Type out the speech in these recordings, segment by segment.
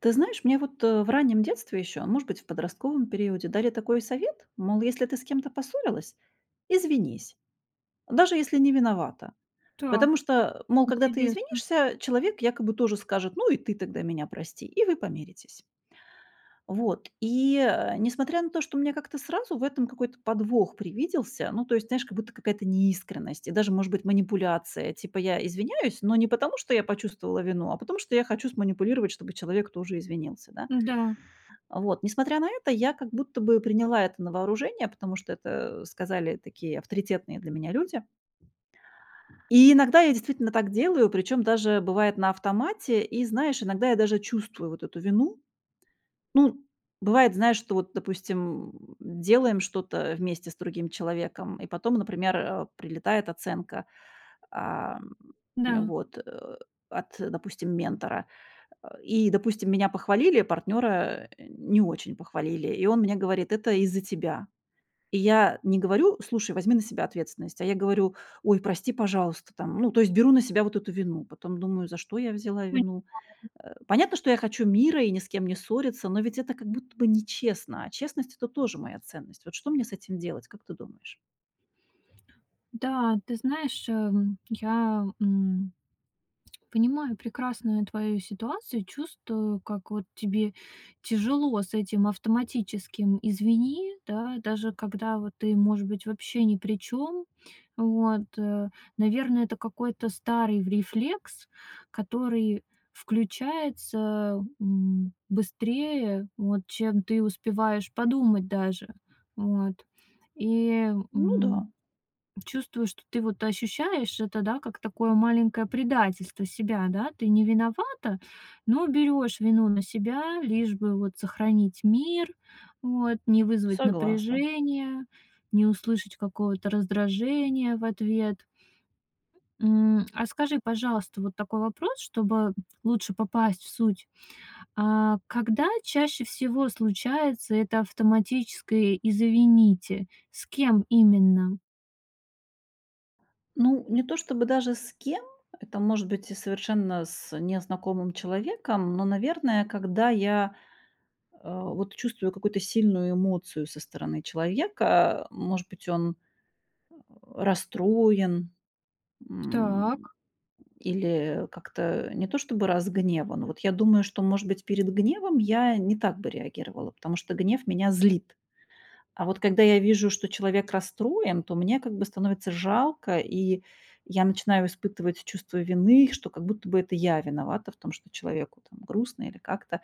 Ты знаешь, мне вот, э, в раннем детстве ещё, может быть, в подростковом периоде, дали такой совет, мол, если ты с кем-то поссорилась, извинись. Даже если не виновата. Так. Потому что, мол, когда ты Интересно. извинишься, человек якобы тоже скажет: "Ну и ты тогда меня прости". И вы помиритесь. Вот. И, а, несмотря на то, что у меня как-то сразу в этом какой-то подвох привиделся, ну, то есть, знаешь, как будто какая-то неискренность и даже, может быть, манипуляция: типа я извиняюсь, но не потому, что я почувствовала вину, а потому, что я хочу сманипулировать, чтобы человек тоже извинился, да. Да. А, вот. Несмотря на это, я как будто бы приняла это на вооружение, потому что это сказали такие авторитетные для меня люди. И иногда я действительно так делаю, причём даже бывает на автомате, и, знаешь, иногда я даже чувствую вот эту вину. Ну, бывает, знаешь, что, вот допустим, делаем что-то вместе с другим человеком, и потом, например, а, прилетает оценка. А, Да. вот. А, от, допустим, ментора, а. И, допустим, меня похвалили, а партнёра не очень похвалили. И он мне говорит: "Это из-за тебя". И я не говорю: "Слушай, возьми на себя ответственность". А я говорю: "Ой, прости, пожалуйста". Там, ну, то есть беру на себя вот эту вину, потом думаю: за что я взяла Понимаю. вину? А, понятно, что я хочу мира и ни с кем не ссориться, но ведь это как будто бы нечестно, а честность- это тоже моя ценность. Вот что мне с этим делать, как ты думаешь? Да, ты знаешь, я, эм понимаю прекрасную твою ситуацию и чувствую, как вот тебе тяжело с этим автоматическим "извини", да. Даже когда вот ты, может быть, вообще ни при чём. Вот, э наверное, это какой-то старый рефлекс, который включается, м, быстрее, вот, чем ты успеваешь подумать даже. Вот. И, Ну м, да. чувствуешь, что ты, вот, ощущаешь это, да, как такое маленькое предательство себя, да? Ты не виновата, но берёшь вину на себя, лишь бы вот сохранить мир. Вот. Не вызвать Согласна. напряжение, не услышать какого-то раздражения в ответ. М, а скажи, пожалуйста, вот такой вопрос, чтобы лучше попасть в суть. А, когда чаще всего случается это автоматическое "извините", с кем именно? Ну, не то чтобы даже с кем-то- это может быть и совершенно с незнакомым человеком. Но, наверное, когда я, э, вот чувствую какую-то сильную эмоцию со стороны человека, э, может быть, он расстроен, м, Так. или как-то не то чтобы разгневан. Вот я думаю, что, может быть, перед гневом я не так бы реагировала, потому что гнев меня злит. А вот когда я вижу, что человек расстроен, то мне как бы становится жалко, и я начинаю испытывать чувство вины, что как будто бы это я виновата в том, что человеку, там, грустно или как-то.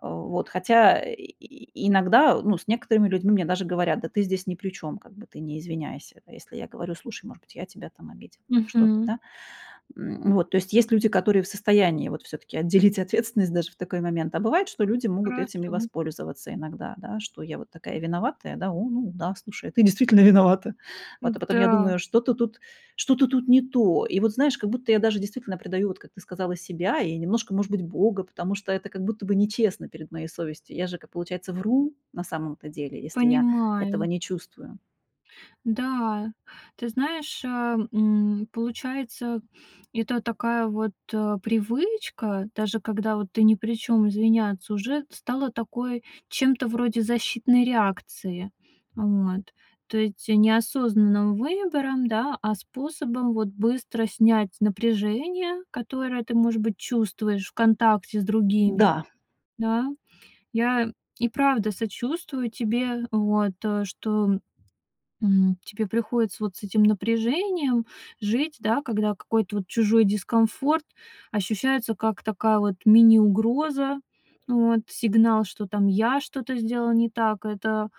Вот. Хотя и иногда, ну, с некоторыми людьми мне даже говорят: "Да ты здесь ни при чём, как бы, ты не извиняйся". А если я говорю: "Слушай, может быть, я тебя, там, обидела или что-то, Мгм. да". М, вот. То есть есть люди, которые в состоянии, вот, всё-таки отделить ответственность даже в такой момент. А бывает, что люди могут этим и Хорошо. воспользоваться иногда, да. Что я вот такая виноватая. "О, ну да, слушай, а ты действительно виновата". А потом я Да. думаю: "Что-то тут что-то тут не то". И вот, знаешь, как будто я даже действительно предаю, вот как ты сказала, себя и немножко, может быть, Бога, потому что это как будто нечестно перед моей совестью. Я же, как, получается, вру, на самом-то деле. Если я этого Понимаю. не чувствую. Да. Ты знаешь, а, м, получается, это такая вот, э, привычка- даже когда вот ты ни при чём- извиняться, уже стала такой, чем-то вроде защитной реакции. Вот. То есть не осознанным выбором, да, а способом, вот, быстро снять напряжение, которое ты, может быть, чувствуешь в контакте с другими. Да. Да. Я и правда сочувствую тебе, вот. Э, что, м, тебе приходится вот с этим напряжением жить, да, когда какой-то вот чужой дискомфорт ощущается как такая вот мини-угроза. Вот. Сигнал, что там я что-то сделал не так. Это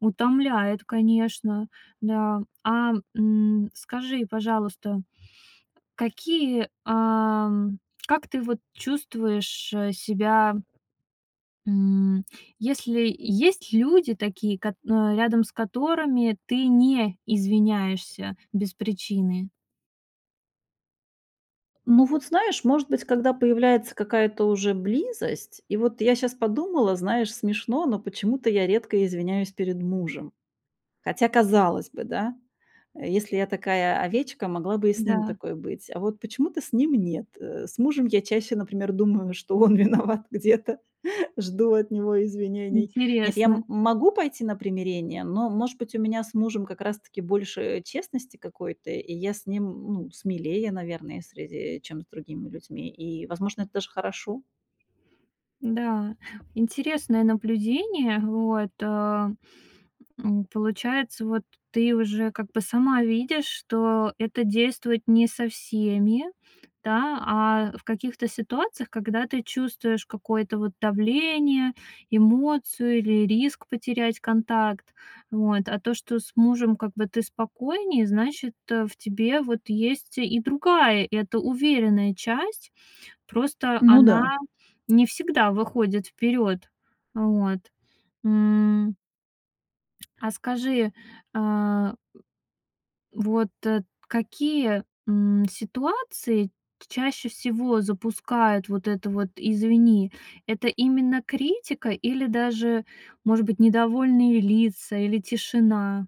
утомляет, конечно. Да. А, м, скажи, пожалуйста, какие, ам, как ты вот чувствуешь, э, себя М, если Есть люди такие, кот а, рядом с которыми ты не извиняешься без причины? Ну вот, знаешь, может быть, когда появляется какая-то уже близость. И вот я щас подумала, знаешь, смешно, но почему-то я редко извиняюсь перед мужем. Хотя, казалось бы, да, э, если я такая М. овечка, могла бы и с ним Да. такой быть. А вот почему-то с ним нет. Э, с мужем я чаще, например, думаю, что он виноват где-то, жду от него извинений. Нет, я, Интересно. м, могу пойти на примирение, но, может быть, у меня с мужем как раз-таки больше, э, честности какой-то, и я с ним, м, ну, смелее, наверное, в среде, чем с другими людьми, и, возможно, это даже хорошо. Да, интересное наблюдение, вот, э, м. Получается вот, ты уже как бы сама видишь, что это действует не со всеми, да, а в каких-то ситуациях, когда ты чувствуешь какое-то вот давление, эмоцию или риск потерять контакт. Вот. А то, что с мужем как бы ты спокойнее, значит э, в тебе вот есть и другая, эта уверенная часть. Просто Ну да. она не всегда выходит вперед. Вот. М. А скажи, а. Вот, э, какие, м, ситуации т чаще всего запускают вот это вот "извини"? Это именно критика или даже, может быть, недовольные лица, или тишина?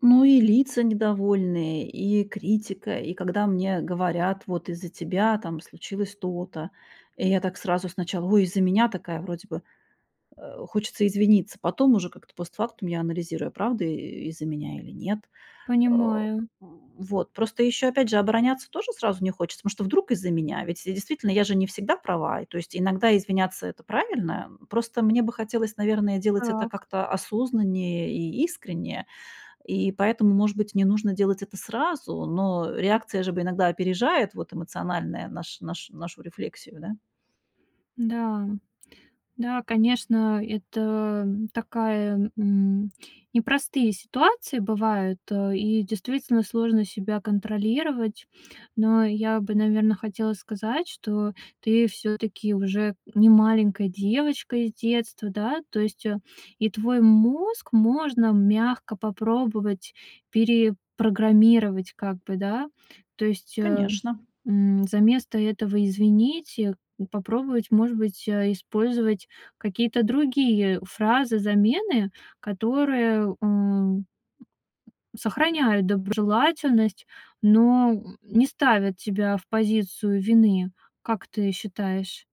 Ну и лица недовольные, и критика. И когда мне говорят: "Вот из-за тебя там случилось то-то". И я так сразу сначала: "Ой, из-за меня". Такая, вроде бы, э, хочется извиниться, потом уже как-то постфактум я анализирую: правда, э, из-за меня или нет? А, Понимаю. м, вот. Просто ещё, опять же, обороняться тоже сразу не хочется, потому что вдруг из-за меня? Ведь и действительно, я же не всегда права. И то есть иногда извиняться- это правильно. Просто мне бы хотелось, наверное, делать это Так. как-то осознаннее и искренне, и поэтому, может быть, не нужно делать это сразу. Но реакция же бы иногда опережает, вот, эмоциональное наш наш нашу рефлексию, да? Да. Да, конечно, это, м, такая, м непростые ситуации бывают, а, и действительно сложно себя контролировать. Но я бы, наверно, хотела сказать, что ты всё-таки уже не маленькая девочка из детства, да. То есть, э, и твой мозг можно мягко попробовать перепрограммировать как бы, да? То есть, э, Конечно. м. Заместо этого "извините" попробовать, может быть, а, использовать какие-то другие фразы-замены, которые, м, сохраняют доброжелательность, но, м, не ставят тебя в позицию вины. Как ты считаешь?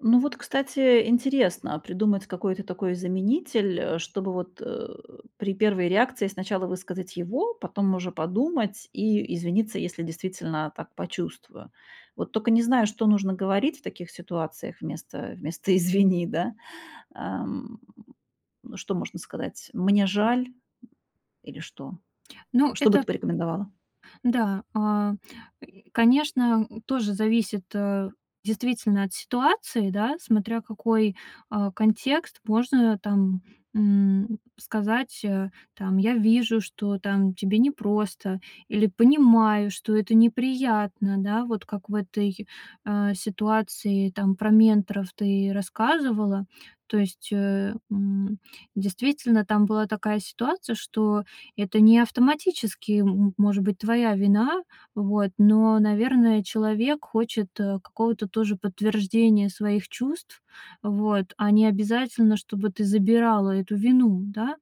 Ну вот, кстати, интересно, а придумать какой-то такой заменитель, э, чтобы вот, э, при первой реакции сначала высказать его, потом уже подумать и извиниться, если действительно так почувствую. Вот только не знаю, что нужно говорить в таких ситуациях вместо вместо "извини", да? Эм, что можно сказать? "Мне жаль"? Или что? Ну, Что бы это ты порекомендовала? Да, а, м, конечно, м, тоже зависит, а, действительно, от ситуации, да. Смотря какой, а, контекст. Можно там, м, сказать, э, там: "Я вижу, что, там, тебе непросто, или понимаю, что это неприятно". Да? Вот как в этой, а, ситуации, там, про менторов ты рассказывала. То есть, э, м, действительно, там была такая ситуация, что это не автоматически, м м может быть, твоя вина. Вот. Но, наверное, человек хочет, э, какого-то тоже подтверждения своих чувств. Вот. А не обязательно, чтобы ты забирала эту вину, да?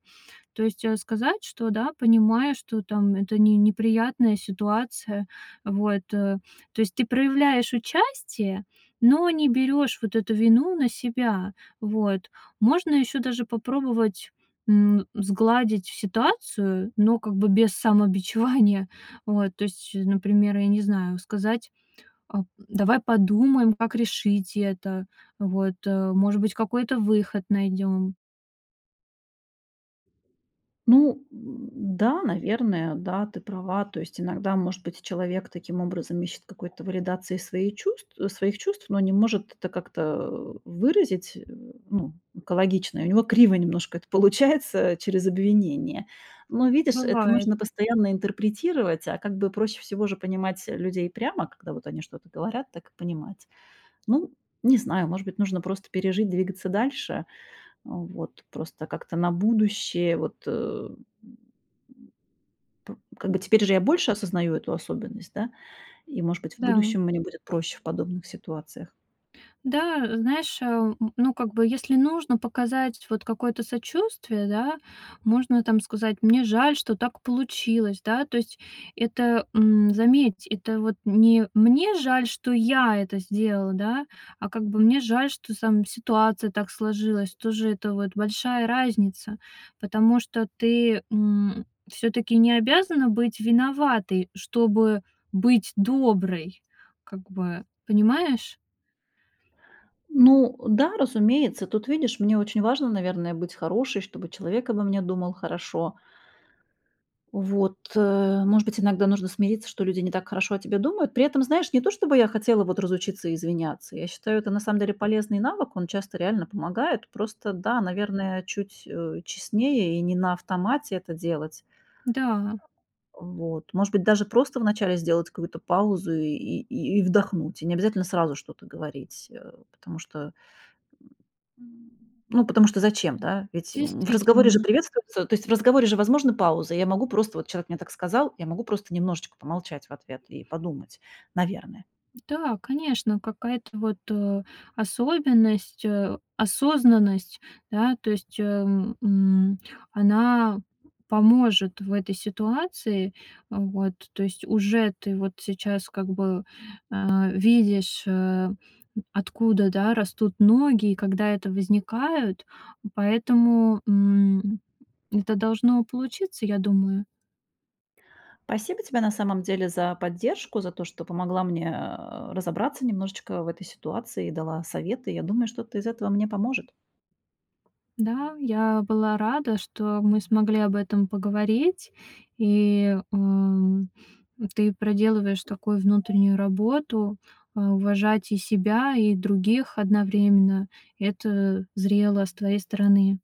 То есть, э, сказать, что, да, понимаю, что, там, это не неприятная ситуация. Вот, э. То есть ты проявляешь участие, но не берёшь вот эту вину на себя. Вот. Можно ещё даже попробовать, м, сгладить ситуацию, но как бы без самобичевания. Вот. То есть, э например, я не знаю, сказать: "А давай подумаем, как решить это. Вот. А, может быть, какой-то выход найдём". Ну, м, да, наверное, да, ты права. То есть иногда, может быть, человек таким образом ищет какой-то валидации своей чувств, своих чувств, но не может это как-то, э, выразить, э. Ну, экологично. И у него криво немножко это получается, через обвинение. Но, видишь, это Бывает. нужно постоянно интерпретировать, а как бы проще всего же понимать, э, людей прямо, когда вот они что-то говорят, так и понимать. Ну, не знаю, может быть, нужно просто пережить, двигаться дальше. Вот. Просто как-то на будущее. Вот, эм, м п Как бы теперь уже я больше осознаю эту особенность, да, и, может быть, в Да. будущем мне будет проще в подобных ситуациях. Да, знаешь, ам, н ну, как бы, если нужно показать вот какое-то сочувствие, да, можно там сказать: "Мне жаль, что так получилось". Да, то есть это, м, заметь, это вот не: "Мне жаль, что я это сделал- да, а как бы- мне жаль, что, там, ситуация так сложилась". Тоже это вот большая разница. Потому что ты, м, всё-таки не обязана быть виноватой, чтобы быть доброй как бы, понимаешь? Ну, э, да, разумеется. Тут, видишь, мне очень важно, наверное, быть хорошей, чтобы человек обо мне думал хорошо. Вот. Э, может быть, иногда нужно смириться, что люди не так хорошо о тебе думают. При этом, знаешь, не то, чтобы я хотела вот разучиться извиняться. Я считаю, это на самом деле полезный навык, он часто реально помогает. Просто, да наверное, чуть, э, честнее и не на автомате это делать. Да. Вот. Может быть, даже просто в начале сделать какую-то паузу и и и вдохнуть. И не обязательно сразу что-то говорить. Э, потому что, м ну, потому что зачем, да? Ведь, м, в разговоре же Действительно. приветствуются то есть в разговоре же возможна пауза. Я могу просто, вот человек мне так сказал, я могу просто немножечко помолчать в ответ и подумать, наверное. Да, конечно. Какая-то вот, э, особенность, э, осознанность, да. То есть, эм, м, она поможет в этой ситуации. А, вот. То есть уже ты вот сейчас как бы, а, видишь, а, м, откуда, да, растут ноги, и когда это возникает. Поэтому, м, это должно получиться, я думаю. Спасибо тебе на самом деле за поддержку, за то, что помогла мне, э, а, разобраться немножечко в этой ситуации и дала советы. Я думаю, что-то из этого мне поможет. Да, я была рада, что мы смогли об этом поговорить. И, м, ты проделываешь такую внутреннюю работу: а, уважать и себя, и других одновременно. Это зрело с твоей стороны.